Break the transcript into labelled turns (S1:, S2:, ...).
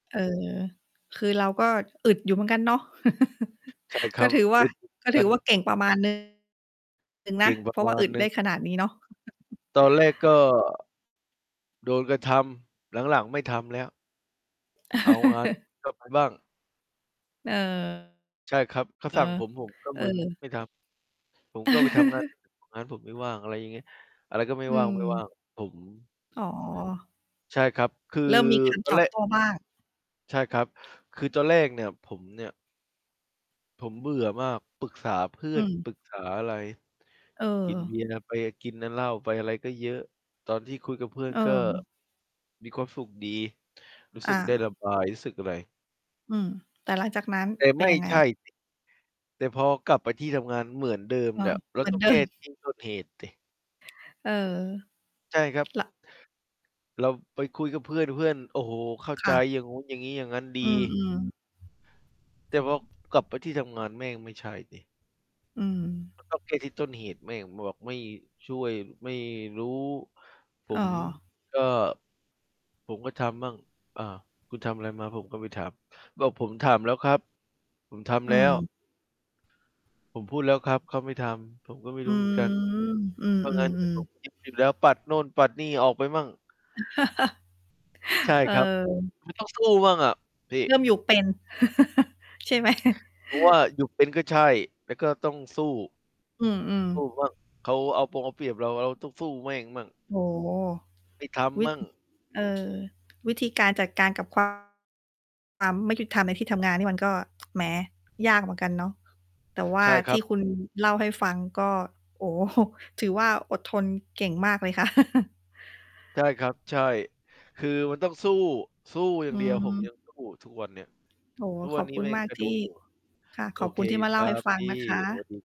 S1: เออ คือเราก็อึดอยู่เหมือนกันเนาะ
S2: ใช่ค
S1: ก
S2: ร
S1: ็
S2: ับ
S1: ถือว่า
S2: อึด อยู่ เหม
S1: ก
S2: ื
S1: ็
S2: อน
S1: ถ
S2: ก
S1: ื
S2: ั
S1: อ
S2: น
S1: ว่าเก่งประมาณ หนึ่ง
S2: เ
S1: น
S2: ก
S1: ะ
S2: ่งป
S1: เ
S2: ร
S1: พร
S2: ะ
S1: าะ
S2: ม
S1: ว่า
S2: า
S1: อ
S2: ณ
S1: ึด
S2: หน
S1: ไ
S2: ึ
S1: ด
S2: ่
S1: ้
S2: ง
S1: ขนาดนี้เนาะ
S2: ตอนแรกก็ โดนกระทำ หลัง ๆ ไม่ทำแล้ว เอางาน กลับไป บ้าง
S1: เออ
S2: ใช่ครับ เขา
S1: เออ
S2: สั่งผม ผมก็
S1: เอ
S2: มึน
S1: อ
S2: ไม่ทำ ผมก็ไปทำงาน [unintelligible] งานผมไม่ว่าง อะไรอย่างเงี้ย อะไรก็ไม่
S1: อื
S2: ว่าง
S1: ม
S2: ๆ ผม
S1: อ๋อ
S2: ใช่ครับ คือ
S1: เริ่มมี การ
S2: ตอ
S1: ต
S2: น
S1: อ
S2: แร
S1: บโ
S2: ก
S1: ต้บ้าง
S2: ใช่ครับ คือตอนแรกเนี่ย ผมเนี่ย ผมเบื่อมาก ปรึกษาเพื่
S1: อ
S2: อ
S1: ื
S2: น
S1: ม
S2: ปรึกษาอะไร
S1: เ
S2: กิน เ
S1: ออ
S2: บียร์ ไป กินน่ะเหล้าไปอะไรก็เยอะ ตอนที่คุยกับเพื่อนก็
S1: เออ
S2: มีความสุขดี รู้ส
S1: อ
S2: ึกได้ร
S1: า
S2: ะบาย รู้สึกอะไร
S1: อืม แต่หลังจากนั้น
S2: แต่
S1: เป
S2: ไ
S1: ็น
S2: ม่
S1: ยังไง?
S2: ใช่ สิ แต่พอกลับไปที่ทำงาน เหมือนเดิม
S1: อ้อ
S2: แล้ว เ
S1: เ
S2: รา
S1: หมือ
S2: ต
S1: น
S2: ้อ
S1: เ
S2: ง
S1: ดิ
S2: แก้
S1: ม
S2: ที่ต้นเหตุ สิ
S1: เออ
S2: ใช่ครับ
S1: ละ
S2: เราไปคุยกับเพื่อน เพื่อน โอ้โฮ เข้า
S1: ค
S2: ใจ
S1: ่ะ
S2: อย่างงู้นอย่างงี้อย่างงั้นดี
S1: อือ ๆ
S2: แต่พอกลับไปที่ทำงาน แม่ง ไม่ใช่สิ
S1: อืม
S2: มันต้องแก้ ที่ต้นเหตุ แม่ง บอกไม่ช่วย ไม่รู้ ผ
S1: อ้อ
S2: มก็ ผมก็ทำมั่ง อ่า คุณทำอะไรมาผมก็ไปถาม บอกผมถามแล้วครับ ผมท
S1: อ
S2: ำ
S1: ื
S2: แล้ว
S1: ม
S2: ผมพูดแล้วครับ เขาไม่ทำ ผมก็ไม่
S1: อ
S2: ร
S1: ื
S2: ู้เหมือนกัน
S1: ม อื
S2: เอางานมาใส่
S1: ม
S2: ผม
S1: ๆ ๆ
S2: คิดผิด แล้ว ปัดโนู่นปัดนี่ออกไปมั่ง ใช่
S1: เ
S2: ครับ
S1: ออ
S2: มันต้อง สู้บ้างอะพี
S1: เร
S2: ่
S1: ิ่มอยู่เป็น ใช่ไหม?
S2: เพราะว่าอยู่เป็นก็ใช่ แล้วก็ต้องสู้
S1: อืม
S2: สู้
S1: ๆ
S2: บ้าง เขาเอาปงเอาเปรียบเรา เราต้องสู้แม่งมั่ง
S1: โอ้โฮ
S2: ไม่ท
S1: วิ
S2: ำม
S1: ด
S2: ั่
S1: อ
S2: ง
S1: เออ วิธีการจัดการกับ ความ ความไม่ยุติธรรมในที่ทำงานนี่มันก็ แหม ยากเหมือนกันเนาะ แต่ว่
S2: ใ
S1: า
S2: ช่ค
S1: ท
S2: รั
S1: ี่
S2: บ
S1: คุณ เล่าให้ฟังก็ โอ้โฮ ถือว่า อดทนเก่งมากเลยค่ะ
S2: ใช่ครับ ใช่ คือมันต้องสู้ สู้อย่
S1: อื
S2: างเดียว ผม ยั
S1: ม
S2: งสู้ ทุกวันเนี้ย
S1: โอ้
S2: ทุก
S1: ข
S2: วั
S1: อ
S2: น
S1: บ
S2: นี้
S1: คุณ
S2: แม่
S1: ม
S2: ง
S1: าก
S2: ก็
S1: ท
S2: โด
S1: ี่
S2: นอยู่
S1: ค่ะ
S2: โอ
S1: ขอบ
S2: เ
S1: ค
S2: ค
S1: ุณที่มา
S2: ค
S1: เล่า
S2: รั
S1: ให้
S2: บ
S1: ฟั
S2: พ
S1: ง
S2: ี่
S1: นะค
S2: สว
S1: ะ
S2: ัสดี